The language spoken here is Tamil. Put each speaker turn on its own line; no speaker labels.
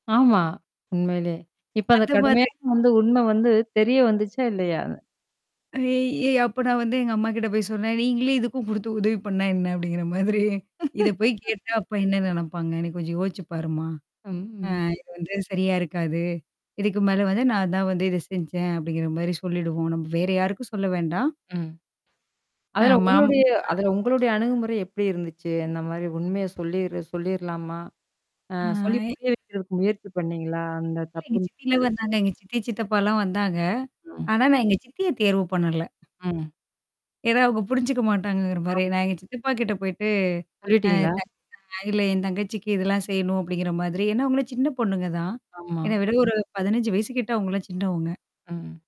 ஆமா. உண்மையிலே. இப்ப அத
அது
கடுமையா.
மாதிரி.
வந்து உண்ம வந்து தெரிய வந்துச்சா? இல்லையா?
அ ஏய்! அப்ப நான் வந்து எங்க அம்மாகிட்ட போய் சொன்னேன். நீங்களே இதுக்கும் குடுத்து உதவி பண்ணா என்ன அப்டிங்கிற மாதிரி. இத போய் கேட்டா அப்ப என்ன நெனப்பாங்க? என்ன கொஞ்சம் யோசிச்சு பாருமா? அ
ம்.
இது வந்து சரியா இருக்காது. இதுக்கு மேல வந்து நான் தான் வந்து இத செஞ்சேன். அப்டிங்கிற மாரி சொல்லிடுவோம். நம்ம வேற யாருக்கும் சொல்ல வேண்டாம்?
ம்.
ஆ,
அதில
மாமா
உங்களுடைய
அ.
அதில உங்களுடைய அணுகுமுறை எப்டி இருந்துச்சு? அந்த மாரி உண்மைய சொல்லிரு சொல்லிர்லாமா? அ
ஆ
சொல்லி
எ
புரிய வைக்கிறதுக்கு முயற்சி பண்ணீங்களா? அந்த
எங்க சித்திலா
தப்புன்னுட்டு.
வந்தாங்க. எங்க சித்தி, சித்தப்பாலாம் வந்தாங்க.
ஆம்.
ஆனா, நான் எங்க சித்திய தேர்வு பண்ணல.
ம்.
ஏன்னா அவங்க புரிஞ்சுக்க மாட்டாங்கங்கிற மாரி.
ஆம்.
நான் எங்க சித்தப்பா கிட்ட போயிட்டு. அ
சொல்லட்டீங்களா?
தப் அ இல்ல என் தங்கச்சிக்கு இதெல்லாம் செய்யணும் அப்டிங்கிற மாதிரி. ஏன்னா அவங்கள சின்ன பொண்ணுங்கதான்?
ஆமா.
என்ன விட ஒரு 15 வயசு கிட்ட அவங்கலாம் சின்னவங்க.
ம்.